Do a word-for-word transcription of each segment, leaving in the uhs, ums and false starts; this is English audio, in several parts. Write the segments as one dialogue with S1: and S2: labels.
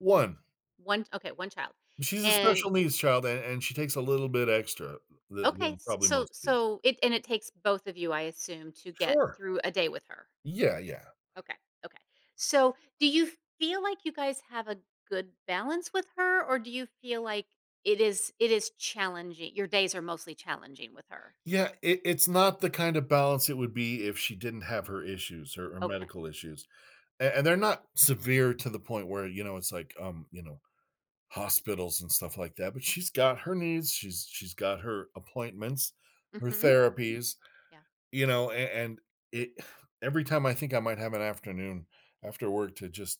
S1: one.
S2: one, okay, one child,
S1: She's a
S2: and
S1: special needs child, a and she takes a little bit extra tha
S2: Okay,
S1: than
S2: s
S1: probably
S2: so
S1: most kids.
S2: so it and it takes both of you, I assume, to get
S1: Sure.
S2: through a day with her?
S1: Yeah, yeah.
S2: Okay, okay. So, do you feel like you guys have a good balance with her? Or do you feel like it is it is challengi your days are mostly challenging with her?
S1: Yeah, it it's not the kind of balance it would be if she didn't have her issues, her, eh,
S2: Okay.
S1: medical issues. A
S2: Okay.
S1: and they're not severe to the point where, you know, it's like, um, you know, hospitals and stuff like that, but she's got her needs, she's she's got her appointments, her
S2: Mhm, mhm,
S1: therapies,
S2: yeah.
S1: you know, an and it every time I think I might have an afternoon after work to just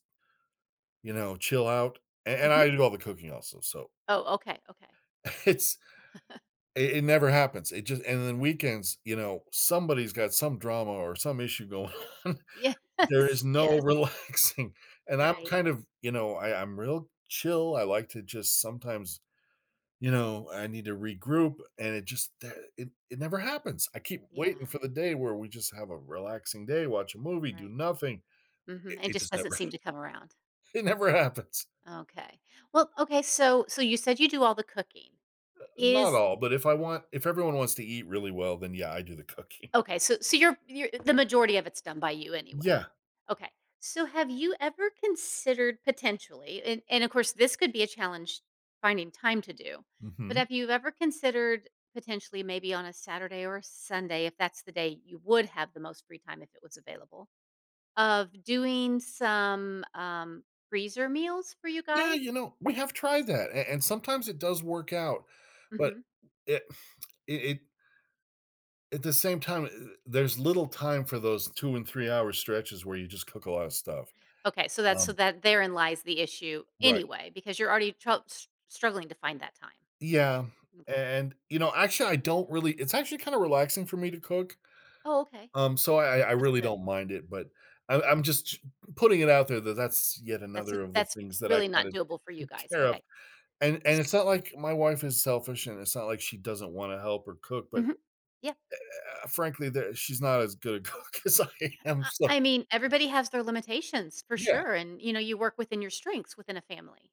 S1: you know, chill out an and
S2: Mhm.
S1: I do all the cooking also, so
S2: Oh, okay, okay.
S1: it's it it never happens, it just and then weekends, you know, somebody's got some drama or some issue going on. There is
S2: Yes,
S1: no
S2: yes.
S1: relaxing, and I'm
S2: Right.
S1: kind of ,you know, I I'm real chill, I like to just sometimes you know, I need to regroup and it just, eh, it it never happens! I keep waiting
S2: Yeah.
S1: for the day where we just have a relaxing day, watch a movie, do
S2: Right.
S1: nothing. It
S2: Mhm, it
S1: it
S2: just
S1: just
S2: doesn't
S1: never ha
S2: seem to come around.
S1: it never happens.
S2: Okay. Well, okay, so so you said you do all the cooking.
S1: Uh, not
S2: Is
S1: all, but if I want if everyone wants to eat really well, then yeah, I do the cooking.
S2: Okay, so so you're you're the majority of it's done by you anyway.
S1: Yeah.
S2: Okay. So have you ever considered, potentially and and of course, this could be a challenge finding time to do. But
S1: Mhm.
S2: have you ever considered, potentially, maybe on a Saturday or a Sunday, if that's the day you would have the most free time, if it was available, of doing some, um, freezer meals for you
S1: Yeah,
S2: guys?
S1: you know, we have tried that, a and sometimes it does work out, but,
S2: Mhm.
S1: it it it at the same time, there's little time for those two and three-hour stretches where you just cook a lot of stuff,
S2: Okay, so that's so
S1: um
S2: that therein lies the issue
S1: Right.
S2: anyway because you're already tro s struggling to find that time.
S1: Yeah. A
S2: M'kay.
S1: and, you know, actually, I don't really it's actually kinda relaxing for me to cook,
S2: Oh, okay,
S1: um, so I I I
S2: that's
S1: really
S2: good.
S1: don't mind it, but I'm I'm just putting it out there that that's yet
S2: That's n
S1: another of the
S2: that's
S1: things that I
S2: really not
S1: kinda
S2: doable for you
S1: take
S2: guys,
S1: care of.
S2: okay.
S1: And and it's not like my wife is selfish, and it's not like she doesn't wanna help or cook, but,
S2: Mhm.
S1: eh
S2: Yeah,
S1: eh eh, frankly, ther she's not as good a cook as I am,
S2: I
S1: so
S2: I mean, everybody has their limitations, for
S1: Yeah.
S2: sure, and, you know, you work within your strengths within a family.